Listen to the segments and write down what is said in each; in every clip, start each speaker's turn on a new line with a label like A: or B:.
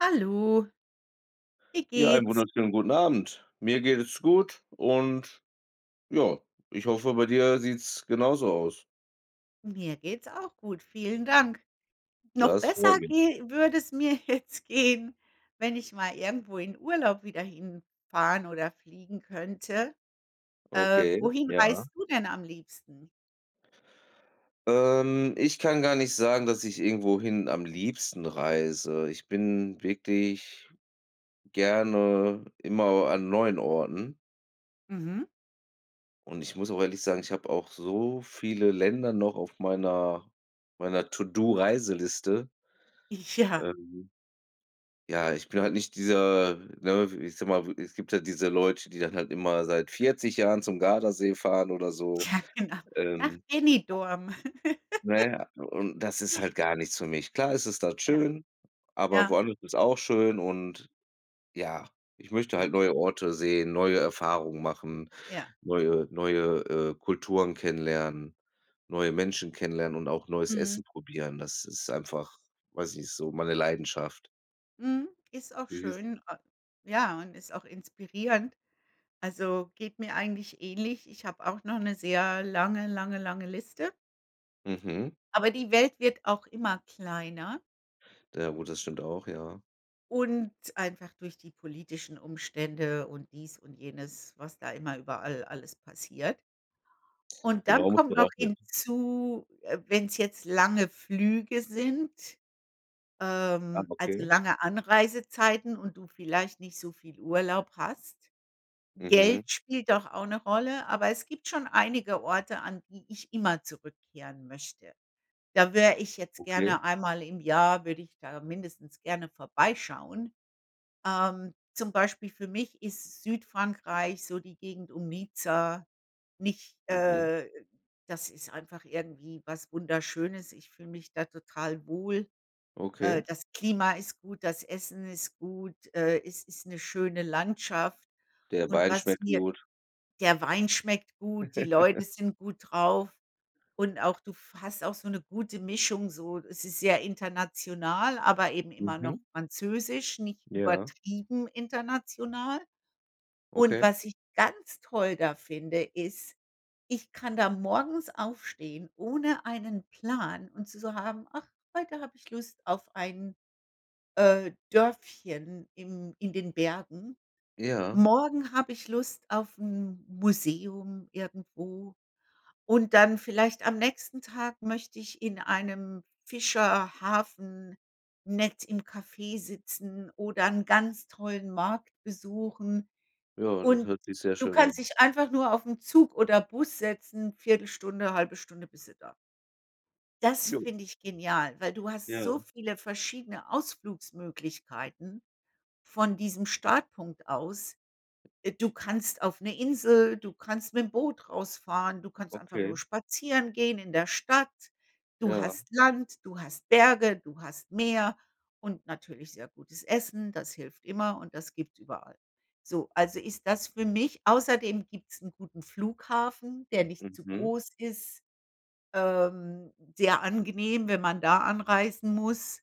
A: Hallo. Wie
B: Ja, einen
A: geht's?
B: wunderschönen guten Abend. Mir geht es gut und ja, ich hoffe, bei dir sieht's genauso aus.
A: Mir geht's auch gut. Vielen Dank. Noch
B: Das freut
A: besser
B: mich.
A: gehe würde es mir jetzt gehen, wenn ich mal irgendwo in Urlaub wieder hinfahren oder fliegen könnte. Äh,
B: Okay,
A: wohin
B: ja.
A: reist du denn am liebsten?
B: Ähm. Ich kann gar nicht sagen, dass ich irgendwohin am liebsten reise. Ich bin wirklich gerne immer au an neuen Orten.
A: Mhm.
B: Und ich muss auch ehrlich sagen, ich habe auch so viele Länder noch auf meiner meiner To-Do-Reiseliste.
A: Ja.
B: Ähm. Ja, ich bin halt nicht dieser, ne, w ich sage mal, es gibt ja diese Leute, die dann halt immer seit 40 Jahren zum Gardasee fahren oder so.
A: Ja, genau. Nach
B: Ähm
A: Benidorm.
B: Na ja, und das ist halt gar nichts für mich. Klar ist es dort
A: Ja.
B: schön, aber
A: Ja.
B: woanders ist auch schön und ja, ich möchte
A: Ja.
B: halt neue Orte sehen, neue Erfahrungen machen,
A: Ja.
B: neue neue, äh, Kulturen kennenlernen, neue Menschen kennenlernen und auch neues
A: Mhm.
B: Essen probieren. Das ist einfach, weiß ich nicht, so meine Leidenschaft.
A: Mhm. Ist auch
B: [unintelligible]
A: schön. A ja, und ist auch inspirierend. Also, geht mir eigentlich ähnlich. Ich habe auch noch 'ne sehr lange, lange, lange Liste.
B: Mhm.
A: Aber die Welt wird auch immer kleiner.
B: Ja gut, das stimmt auch, ja.
A: Und einfach durch die politischen Umstände und dies und jenes, was da immer überall alles passiert. Und dann
B: Genau, muss
A: kommt
B: man
A: noch
B: auch mit
A: hinzu, äh, wenn's jetzt lange Flüge sind,
B: Ah,
A: ähm, also
B: okay.
A: lange Anreisezeiten und du vielleicht nicht so viel Urlaub hast.
B: Mhm.
A: Geld spielt doch auch 'ne Rolle, aber es gibt schon einige Orte, an die ich immer zurückkehren möchte. Da wäre ich jetzt
B: Okay.
A: gerne einmal im Jahr würde ich da mindestens gerne vorbeischauen. Ähm, zum Beispiel für mich ist Südfrankreich so die Gegend um Nizza nicht
B: Mhm.
A: äh, das ist einfach irgendwie was Wunderschönes. Ich fühle mich da total wohl. Äh,
B: Okay.
A: das Klima ist gut, das Essen ist gut. Äh, es ist 'ne schöne Landschaft.
B: Der
A: Und
B: Wein
A: was
B: schmeckt
A: mir
B: gut.
A: der Wein schmeckt gut, die Leute sind gut drauf und auch du f hast auch so 'ne gute Mischung so. Es ist sehr international, aber eben immer noch
B: Mhm.
A: französisch, nicht
B: Ja.
A: übertrieben international. Und
B: Okay.
A: was ich ganz toll da finde, ist: Ich kann da morgens aufstehen ohne einen Plan und zu so haben: „Ach, heute habe ich Lust auf ein, äh, Dörfchen im in den Bergen.“
B: Ja.
A: Morgen habe ich Lust auf 'n Museum irgendwo und dann, vielleicht am nächsten Tag, möchte ich in einem Fischerhafen nett im Café sitzen oder 'n ganz tollen Markt besuchen.
B: Ja, das
A: Und
B: hört sich sehr
A: du
B: schön
A: kannst
B: an.
A: dich einfach nur auf 'n Zug oder Bus setzen, 1/4, 1/2 Stunde bist du da. Das
B: Jo.
A: finde ich genial, weil du hast
B: Ja.
A: so viele verschiedene Ausflugsmöglichkeiten von diesem Startpunkt aus. Äh, du kannst auf 'ne Insel, du kannst mit 'nem Boot rausfahren, du kannst einfach
B: Okay.
A: nur spazieren gehen in der Stadt. Du
B: Ja.
A: hast Land, du hast Berge, du hast Meer und natürlich sehr gutes Essen. Das hilft immer und das gibt's überall. So, also ist das für mich außerdem gibt's 'n guten Flughafen, der nicht zu
B: Mhm.
A: groß ist. Ähm, sehr angenehm, wenn man da anreisen muss.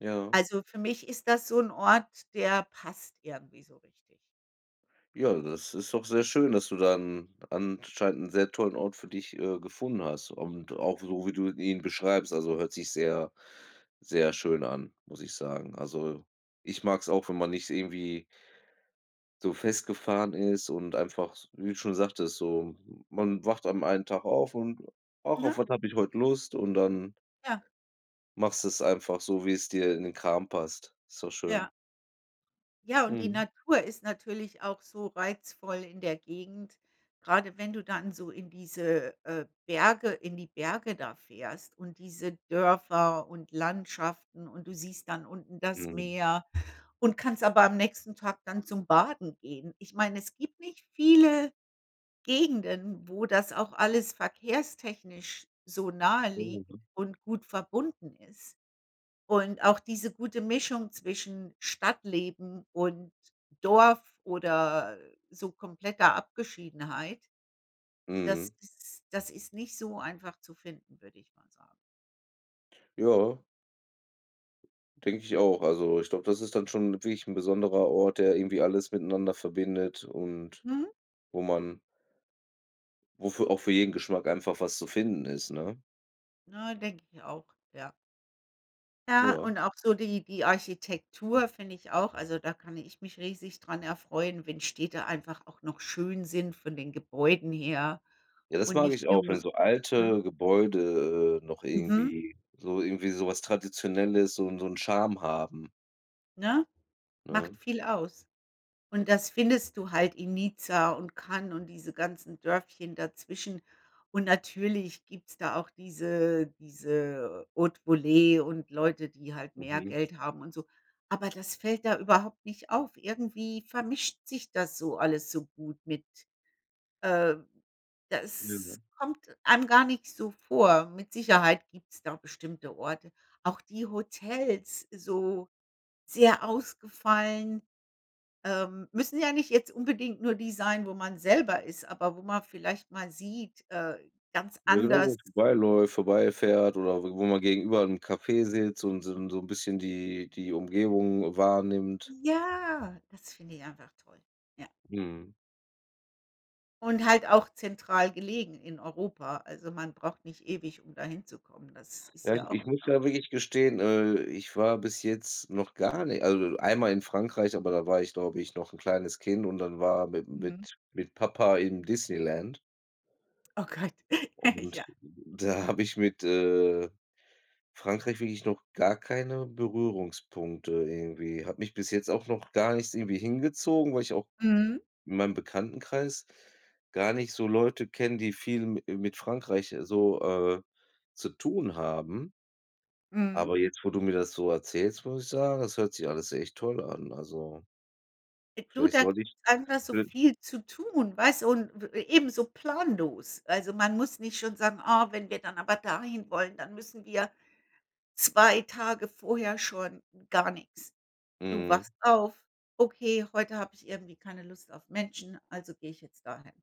B: Ja.
A: Also für mich ist das so 'n Ort, der passt irgendwie so richtig.
B: Ja, das ist doch sehr schön, dass du dann anscheinend 'n sehr tollen Ort für dich, äh, gefunden hast und auch so wie du ihn beschreibst. Also hört sich sehr, sehr schön an, muss ich sagen. Also, ich mag's auch, wenn man nicht irgendwie so festgefahren ist und einfach, s wie du schon sagtest, so man wacht an einen Tag auf und: „Ach, auf
A: Ne?
B: was habe ich heut Lust?“, und dann
A: Ja.
B: machst du es einfach so, wie es dir in den Kram passt. Ist doch schön.
A: Ja. Ja, und die
B: Mhm.
A: Natur ist natürlich auch so reizvoll in der Gegend. Gerade wenn du dann so in diese, äh, Berge, in die Berge da fährst und diese Dörfer und Landschaften und du siehst dann unten das
B: Mhm.
A: Meer und kannst aber am nächsten Tag dann zum Baden gehen. Ich meine, es gibt nicht viele Gegenden, wo das auch alles verkehrstechnisch so naheliegt
B: Ja.
A: und gut verbunden ist. Und auch diese gute Mischung zwischen Stadtleben und Dorf oder so kompletter Abgeschiedenheit, das
B: Mhm.
A: ist das ist nicht so einfach zu finden, würde ich mal sagen.
B: Ja. Denke ich auch. Also ich glaube, das ist dann schon wirklich 'n besonderer Ort, der irgendwie alles miteinander verbindet und
A: Mhm.
B: wo man wo für auch für jeden Geschmack einfach was zu finden ist, ne?
A: Ja, denke ich auch, ja. Ja,
B: Ja.
A: und auch so die die Architektur, finde ich auch. Also, da kann ich mich riesig dran erfreuen, wenn Städte einfach auch noch schön sind von den Gebäuden her
B: Ja, das
A: und
B: mag ich
A: nicht
B: auch, wenn
A: nur
B: so
A: ne?
B: alte Gebäude, äh, noch
A: Mhm.
B: irgendwie so irgendwie so was Traditionelles, so 'n so 'n Charme haben
A: Ne, macht
B: ne?
A: viel aus? Und das findest du halt in Nizza und Cannes und diese ganzen Dörfchen dazwischen. Und natürlich gibt's da auch diese diese Hautevolee und Leute, die halt mehr
B: Mhm.
A: Geld haben und so. Aber das fällt da überhaupt nicht auf. Irgendwie vermischt sich das so alles so gut mit äh,
B: Ja, ja.
A: das kommt einem gar nicht so vor. Mit Sicherheit gibt's da bestimmte Orte. Auch die Hotels, so, sehr ausgefallen ähm, müssen ja nicht jetzt unbedingt nur die sein, wo man selber ist, aber wo man vielleicht mal sieht, äh, ganz
B: Ja, genau,
A: anders
B: [unintelligible] vorbei läuft, vorbei fährt oder w wo man gegenüber 'n Café sitzt und so'n so'n bisschen die die Umgebung wahrnimmt.
A: Ja, das finde ich einfach toll, ja.
B: Mhm.
A: Und halt auch zentral gelegen in Europa. Also, man braucht nicht ewig, um dahin zu kommen. Das ist
B: Ja, ich
A: ja auch
B: ich
A: 'n
B: muss ja
A: ne?
B: wirklich gestehen, äh, ich war bis jetzt noch gar nicht also, einmal in Frankreich, aber da war ich glaube ich noch 'n kleines Kind und dann war mit'm
A: Mhm.
B: mit mit Papa im Disneyland.
A: Oh Gott, ja.
B: Und da habe ich mit, äh, Frankreich wirklich noch gar keine Berührungspunkte irgendwie. Hat mich bis jetzt auch noch gar nichts irgendwie hingezogen, weil ich auch
A: Mhm.
B: in meinem Bekanntenkreis gar nicht so Leute kenne, die viel mi äh, mit Frankreich so, äh, zu tun haben.
A: Mhm.
B: Aber jetzt, wo du mir das so erzählst, muss ich sagen, das hört sich alles echt toll an. Also
A: Du,
B: vielleicht
A: da gibt's
B: sollte ich..
A: einfach so
B: [unintelligible]
A: viel zu tun, weil so 'n w eben so planlos. Also, man muss nicht schon sagen: „Ah, wenn wir dann aber dahin wollen, dann müssen wir 2 Tage vorher schon“, gar nix. Du
B: Mhm.
A: wachst auf: „Okay, heute habe ich irgendwie keine Lust auf Menschen, also gehe ich jetzt dahin.“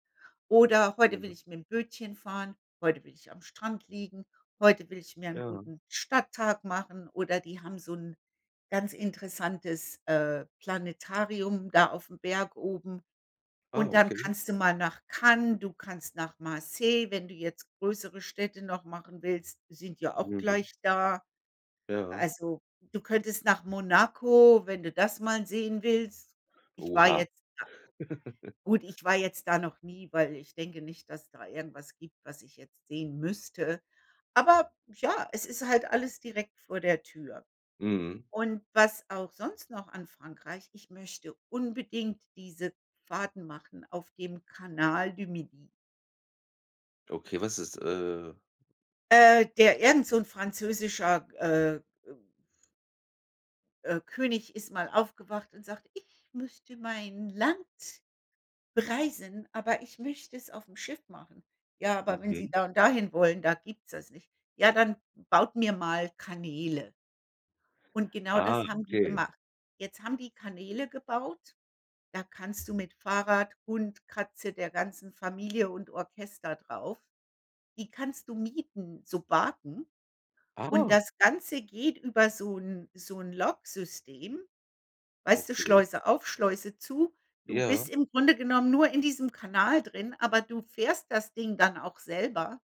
A: Oder: „Heute will
B: Mm.
A: ich mit'm Bötchen fahren. Heute will ich am Strand liegen. Heute will ich mir 'n
B: Ja.
A: guten Stadttag machen“, oder „die haben so 'n ganz interessantes, äh, Planetarium da aufm Berg oben.“
B: Ah,
A: Und dann
B: okay.
A: kannst du mal nach Cannes, du kannst nach Marseille, wenn du jetzt größere Städte noch machen willst, sind ja auch
B: Mhm.
A: gleich da.
B: Ja.
A: Also, du könntest nach Monaco, wenn du das mal sehen willst. Ich war
B: Oha.
A: jetzt da gut, ich war jetzt da noch nie, weil ich denke nicht, dass da irgendwas gibt, was ich jetzt sehen müsste. Aber ja, es ist halt alles direkt vor der Tür.
B: Mhm.
A: Und was auch sonst noch an Frankreich ich möchte unbedingt diese Fahrten machen auf dem Canal du Midi.
B: Okay, was ist, äh
A: Äh, der irgend so 'n französischer, äh, äh äh, König ist mal aufgewacht und sagt: „Ich möchte mein Land“ „bereisen, aber ich möchte es aufm Schiff machen.“ „Ja, aber wenn Sie
B: Mhm.
A: da und dahin wollen, da gibt's das nicht.“ „Ja, dann baut mir mal Kanäle.“ Und genau
B: Ah,
A: das haben die
B: okay.
A: gemacht. Jetzt haben die Kanäle gebaut. Da kannst du mit Fahrrad, Hund, Katze, der ganzen Familie und Orchester drauf die kannst du mieten, Sobaten. Und
B: Ah.
A: das Ganze geht über so 'n so 'n Logsystem. Weißt du,
B: Okay.
A: Schleuse auf, Schleuse zu. Du
B: Ja.
A: bist im Grunde genommen nur in diesem Kanal drin, aber du fährst das Ding dann auch selber.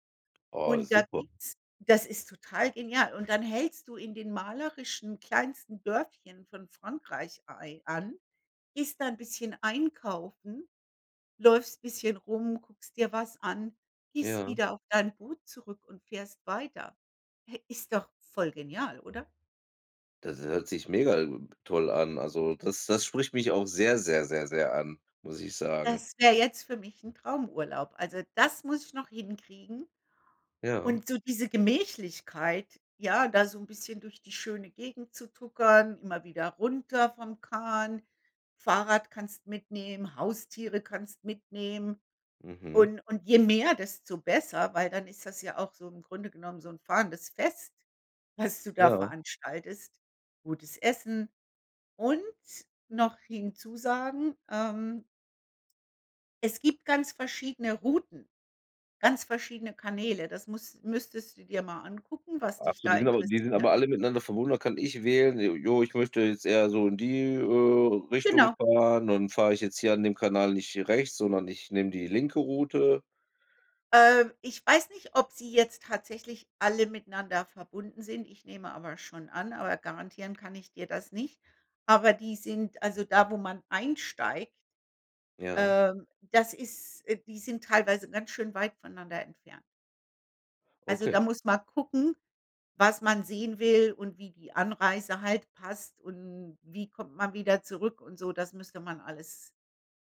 B: Ah,
A: Und da
B: super.
A: gibt's das ist total genial. Und dann hältst du in den malerischen kleinsten Dörfchen von Frankreich ei an, gehst 'n bisschen einkaufen, läufst bisschen rum, guckst dir was an, gehst
B: Ja.
A: wieder auf dein Boot zurück und fährst weiter. Ist doch voll genial, oder?
B: Das hört sich mega, ähm, toll an. Also das das spricht mich auch sehr, sehr, sehr, sehr an, muss ich sagen.
A: Das wär jetzt für mich 'n Traumurlaub. Also, das muss ich noch hinkriegen.
B: Ja.
A: Und so diese Gemächlichkeit, ja, da so 'n bisschen durch die schöne Gegend zu tuckern, immer wieder runter vom Kahn. Fahrrad kannst mitnehmen, Haustiere kannst mitnehmen.
B: Mhm.
A: Und und je mehr, desto besser, weil dann ist das ja auch so im Grunde genommen so 'n fahrendes Fest, was du da
B: Ja.
A: veranstaltest. Gutes Essen. Und noch hinzusagen, ähm es gibt ganz verschiedene Routen, ganz verschiedene Kanäle. Das muss müsstest du dir mal angucken, was dich
B: Absolut,
A: da
B: die sind aber die sind
A: interessiert.
B: aber alle miteinander verbunden. Da kann ich wählen: „J ja, ich möchte jetzt eher so in die, äh, Richtung
A: Genau.
B: fahren. Und fahre ich jetzt hier an dem Kanal nicht rechts, sondern ich nehme die linke Route.“
A: Äh, ich weiß nicht, ob sie jetzt tatsächlich alle miteinander verbunden sind. Ich nehme aber schon an, aber garantieren kann ich dir das nicht. Aber die sind also, da, wo man einsteigt
B: Ja.
A: ähm, das ist äh, die sind teilweise ganz schön weit voneinander entfernt. Also da
B: Okay.
A: muss man gucken, was man sehen will und wie die Anreise halt passt und wie kommt man wieder zurück und so. Das müsste man alles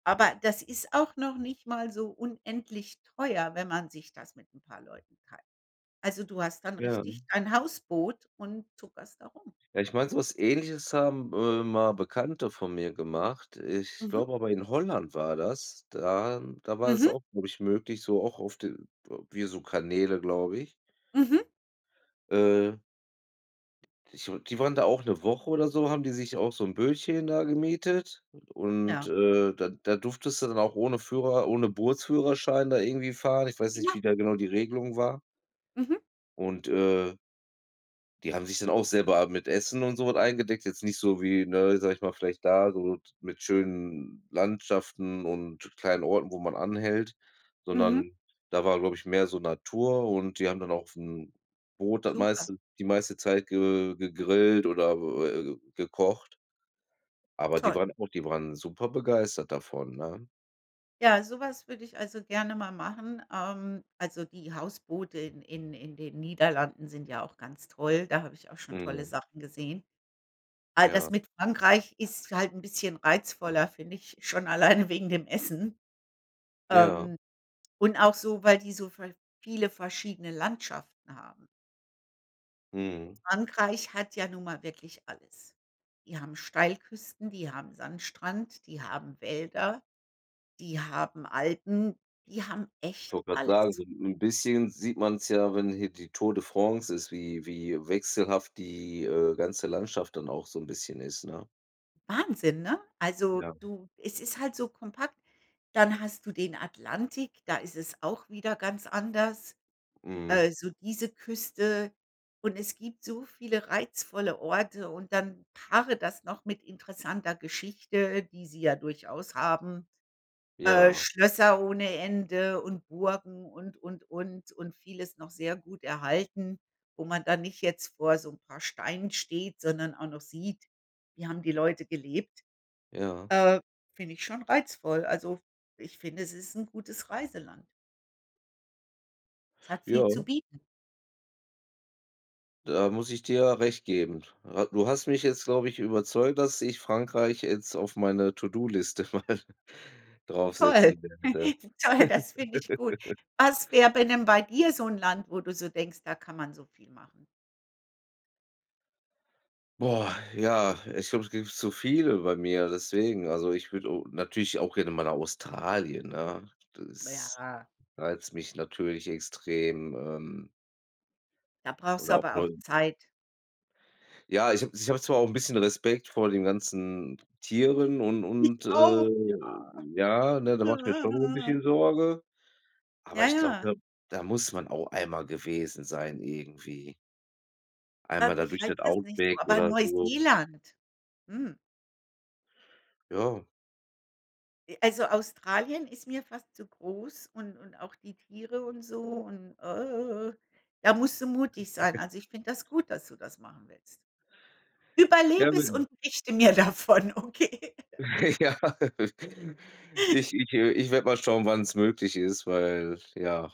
A: aber das ist auch noch nicht mal so unendlich teuer, wenn man sich das mit 'n paar Leuten teilt. Also, du hast dann
B: Ja.
A: richtig dein Hausboot und tuckerst da rum.
B: Ja, ich meine, so was Ähnliches haben, äh, mal Bekannte von mir gemacht. Ich
A: Mhm.
B: glaube aber in Holland war das. Da da war es
A: Mhm.
B: auch möglich, so auch auf de w äh, wie so Kanäle, glaube ich.
A: Mhm.
B: Äh. Ich meine, die waren da auch 'ne Woche oder so, haben die sich auch so 'n Bötchen da gemietet. Und,
A: Ja.
B: äh, da da durftest du dann auch ohne Führer, ohne Bootsführerschein da irgendwie fahren. Ich weiß nicht, wie
A: Ja.
B: da genau die Regelung war.
A: Mhm.
B: Und, äh die haben sich dann auch selber mit Essen und so was eingedeckt. Jetzt nicht so wie, ne, sage ich mal, vielleicht da so t mit schönen Landschaften und kleinen Orten, wo man anhält,
A: Mhm.
B: sondern da war, glaube ich, mehr so Natur und die haben dann auch 'n Boot das
A: Super.
B: meiste die meiste Zeit ge gegrillt oder, äh, gekocht. Aber die
A: Toll.
B: waren auch die waren super begeistert davon, ne?
A: Ja, so was würde ich also gerne mal machen. Ähm, also die Hausboote in-in in den Niederlanden sind ja auch ganz toll. Da habe ich auch schon tolle
B: Mhm.
A: Sachen gesehen. All das
B: Ja.
A: mit Frankreich ist halt 'n bisschen reizvoller, finde ich, schon alleine wegen dem Essen.
B: Ja.
A: Ähm, und auch so, weil die so ver viele verschiedene Landschaften haben.
B: Mhm.
A: Frankreich hat ja nun mal wirklich alles. Die haben Steilküsten, die haben Sandstrand, die haben Wälder, die haben Alpen, die haben
B: Ich
A: echt
B: wollte grade sagen, so
A: alles.
B: 'n 'n bisschen sieht man's ja, wenn hier die Tour de France ist, wie wie wechselhaft die, äh, ganze Landschaft dann auch so 'n bisschen ist, ne?
A: Wahnsinn, ne? Also,
B: Ja.
A: du es ist halt so kompakt. Dann hast du den Atlantik, da ist es auch wieder ganz anders.
B: Mhm.
A: Äh, so diese Küste. Und es gibt so viele reizvolle Orte und dann paare das noch mit interessanter Geschichte, die sie ja durchaus haben. Äh,
B: Ja.
A: Schlösser ohne Ende und Burgen und, und, und. Und vieles noch sehr gut erhalten, wo man dann nicht jetzt vor so 'n paar Steinen steht, sondern auch noch sieht: Wie haben die Leute gelebt.
B: Ja.
A: Äh, finde ich schon reizvoll. Also, ich finde, es ist 'n gutes Reiseland. Hat viel zu
B: Ja.
A: bieten.
B: Da muss ich dir recht geben. Hat du hast mich jetzt, glaube ich, überzeugt, dass ich Frankreich jetzt auf meiner To-do-Liste mal
A: Toll.
B: draufsetzen werde.
A: Toll, das finde ich gut. Was wär bei 'nem bei dir so 'n Land, wo du so denkst: „Da kann man so viel machen?“
B: Boah, ja, ich glaube, es gibt zu viele bei mir, deswegen. Also ich würde, äh, natürlich auch gerne mal nach Australien, ne? Das
A: Ja.
B: reizt mich natürlich extrem, ähm
A: Da brauchst du
B: oder auch
A: aber
B: Neu
A: auch Zeit.
B: Ja, ich habe ich habe zwar auch 'n bisschen Respekt vor den ganzen Tieren und
A: Ich
B: und, äh,
A: auch,
B: ja, ne, da
A: ja.
B: mache mir schon 'n
A: Ja.
B: bisschen Sorge. Aber
A: Ja,
B: ich glaube,
A: ja.
B: da da muss man auch einmal gewesen sein irgendwie. Einmal
A: Ähm,
B: da
A: mich
B: durch
A: reizt
B: das
A: das nicht so,
B: Outback
A: aber
B: oder so.
A: Neuseeland. Mhm.
B: Ja.
A: Äh, also Australien ist mir fast zu groß und und auch die Tiere und so und da musst du mutig sein. Also, ich finde das gut, dass du das machen willst. Überleb
B: Gerne,
A: es
B: ja.
A: und berichte mir davon, okay?
B: Ja. Ich ich äh, ich werde mal schauen, wann es möglich ist, weil ja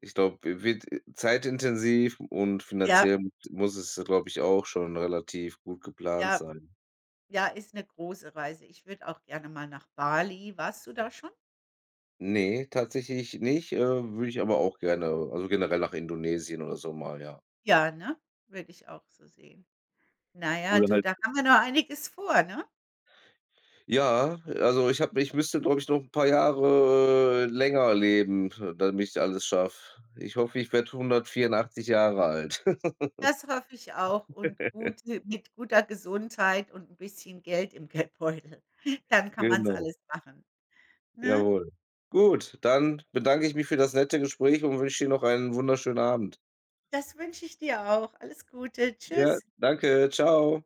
B: ich glaube, wi wird zeitintensiv und
A: Ja.
B: finanziell m muss es ja, glaube ich auch, schon relativ gut geplant
A: Ja.
B: sein.
A: Ja, ist 'ne große Reise. Ich würde auch gerne mal nach Bali. Warst du da schon?
B: Ne, tatsächlich nicht, äh, würde ich aber auch gerne, also generell nach Indonesien oder so mal, ja.
A: Ja, ne? Würde ich auch so sehen. Na ja,
B: Oder
A: du,
B: halt
A: da haben wir noch einiges vor, ne?
B: Ja, also ich habe ich müsste, glaube ich, noch 'n paar Jahre länger leben, damit ich alles schaffe. Ich hoffe, ich werde 184 Jahre alt.
A: Das hoffe ich auch und gute mit guter Gesundheit und 'n bisschen Geld im Geldbeutel. Dann kann man's
B: Genau.
A: alles machen, ne?
B: Jawohl. Gut, dann bedanke ich mich für das nette Gespräch und wünsche dir noch einen wunderschönen Abend.
A: Das wünsche ich dir auch. Alles Gute.
B: Ja.
A: Tschüss.
B: Danke, tschau.